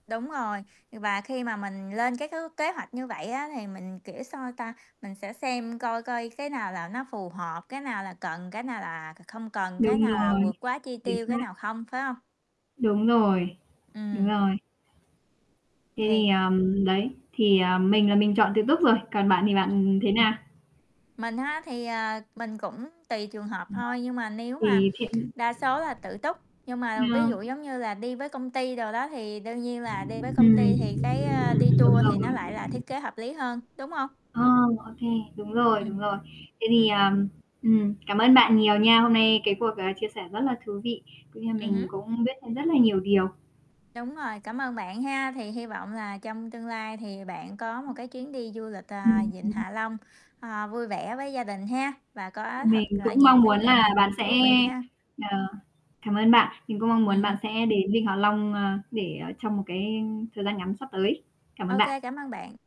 Đúng rồi. [unintelligible] Và khi mà mình lên cái kế kế hoạch như vậy á thì mình, kiểu sao ta, mình sẽ xem coi coi cái nào là nó phù hợp, cái nào là cần, cái nào là kh không cần, Đúng cái nào là rồi, vượt quá chi chính tiêu, cái xác. nào không, phải hông? Đúng rồi, đúng Ừm. rồi. Thế thì, Thì ờ, đấy, thì, ờ, mình là mình chọn tự túc rồi, còn bạn thì Ừm. bạn thế nào? Mình á, thì, ờ, mình cũng tùy trường hợp Đó, thôi. Nhưng mà nếu mà thì thiện đa số là tự túc. Nhưng mà ví dụ, [unintelligible] giống như là, đi với công ty đồ đó thì đương nhiên là đi với công Ừm. ty thì cái, ơ, đi tour thì nó [unintelligible] lại là thiết kế hợp lý hơn, đúng hông? Ờ, ô kê, đúng rồi, đúng Ừm. rồi. Thế thì Ừm. à, ừm, cảm ơn bạn nhiều nha. Hôm nay cái cuộc, à, chia sẻ rất là thú vị, tự nhiên Ừm mình hứm. cũng biết thêm rất là nhiều điều. Đúng rồi, cảm ơn bạn ha. Thì hi vọng là trong tương lai thì bạn có một cái chuyến đi du lịch, ờ, Ừm, Vịnh ừm. Hạ Long, ờ, vui vẻ với gia đình ha và có thật Mình là cũng mong nhiều cái muốn trải là nghiệm bạn sẽ thú vị ha. ờ, cảm ơn bạn. Mình cũng mong muốn Ừm bạn hứm. sẽ đến Vịnh Hạ Long, ơ, để trong một cái thời gian ngắn sắp tới. Cảm ơn Ô bạn. kê, cảm ơn bạn.